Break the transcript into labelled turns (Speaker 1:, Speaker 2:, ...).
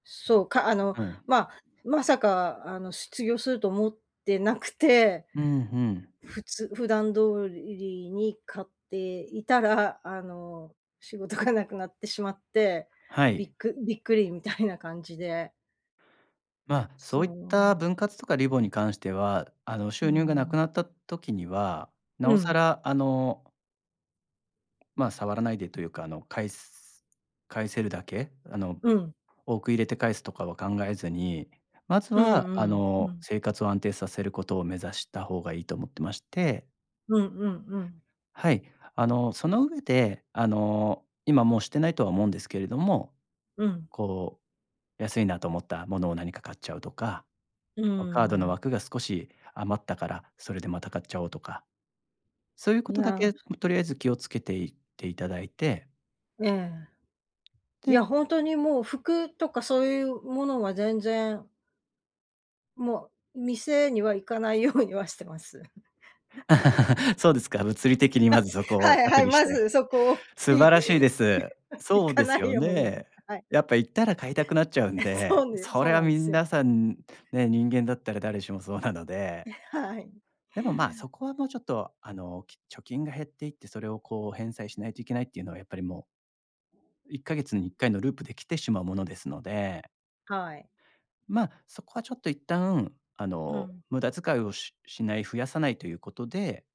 Speaker 1: そう、か、あの、
Speaker 2: はい。
Speaker 1: ままさかあの失業すると思ってなくて、
Speaker 2: うんうん。
Speaker 1: ふつ普段通りに買っていたらあの仕事がなくなってしまって、
Speaker 2: は
Speaker 1: び
Speaker 2: い。
Speaker 1: っくびっくりみたいな感じで。
Speaker 2: ま、
Speaker 1: そ
Speaker 2: そういった
Speaker 1: う。
Speaker 2: 分割とかリボに関しては、あの、
Speaker 1: うー
Speaker 2: 収入が無く
Speaker 1: ん。
Speaker 2: なった時には、
Speaker 1: う
Speaker 2: 尚
Speaker 1: ん。
Speaker 2: 更あのま、触らないでというか、あの、返す返せるだけ、あの、
Speaker 1: うん。
Speaker 2: 多く入れて返すとかは考えずに、まず
Speaker 1: う
Speaker 2: は、
Speaker 1: んう
Speaker 2: あ
Speaker 1: ん、う
Speaker 2: の、
Speaker 1: ん。
Speaker 2: 生活を安定させることを目指した方がいいと思ってまして
Speaker 1: うんうんうん。
Speaker 2: はい。あの、その上で、あの、今もうしてないとは思うんですけれども、
Speaker 1: うん。
Speaker 2: こう安いなと思ったものを何か買っちゃうとか、
Speaker 1: うー
Speaker 2: こうカードの
Speaker 1: ん。
Speaker 2: 枠が少し余ったから、それでまた買っちゃおうとか、そういう
Speaker 1: い
Speaker 2: 事だ
Speaker 1: や
Speaker 2: けとりあえず気をつけて行って頂いて
Speaker 1: ええ。い
Speaker 2: で
Speaker 1: や、ほんとにもう服とかそういうものは全然も、店には行かないようにはしてます。
Speaker 2: そうですか、物理的にまず そこを
Speaker 1: はいは
Speaker 2: 隔
Speaker 1: い、
Speaker 2: 離し
Speaker 1: ま
Speaker 2: て、
Speaker 1: ずそこを、
Speaker 2: 素
Speaker 1: い
Speaker 2: 晴らしいです。
Speaker 1: 行
Speaker 2: そう
Speaker 1: か
Speaker 2: で
Speaker 1: な
Speaker 2: す
Speaker 1: い
Speaker 2: よ
Speaker 1: ように、
Speaker 2: ね。
Speaker 1: はい。
Speaker 2: やっぱ行ったら買いたくなっちゃうん
Speaker 1: え、
Speaker 2: で、
Speaker 1: そうです、
Speaker 2: そ
Speaker 1: そ
Speaker 2: れ
Speaker 1: う
Speaker 2: は
Speaker 1: なんで
Speaker 2: み
Speaker 1: す
Speaker 2: ん
Speaker 1: よ。
Speaker 2: なさんね、人間だったら誰しもそうなので。
Speaker 1: え、はい。
Speaker 2: でも、ま、そこはもうちょっと、あの、き貯金が減っていって、それをこう返済しないといけないっていうのは、やっぱりもうe1ヶ月に1回のループで来てしまうものですので
Speaker 1: はい。
Speaker 2: ま、そこはちょっと一旦、あ
Speaker 1: う
Speaker 2: の、
Speaker 1: ん。
Speaker 2: 無駄遣いをししない増やさないということで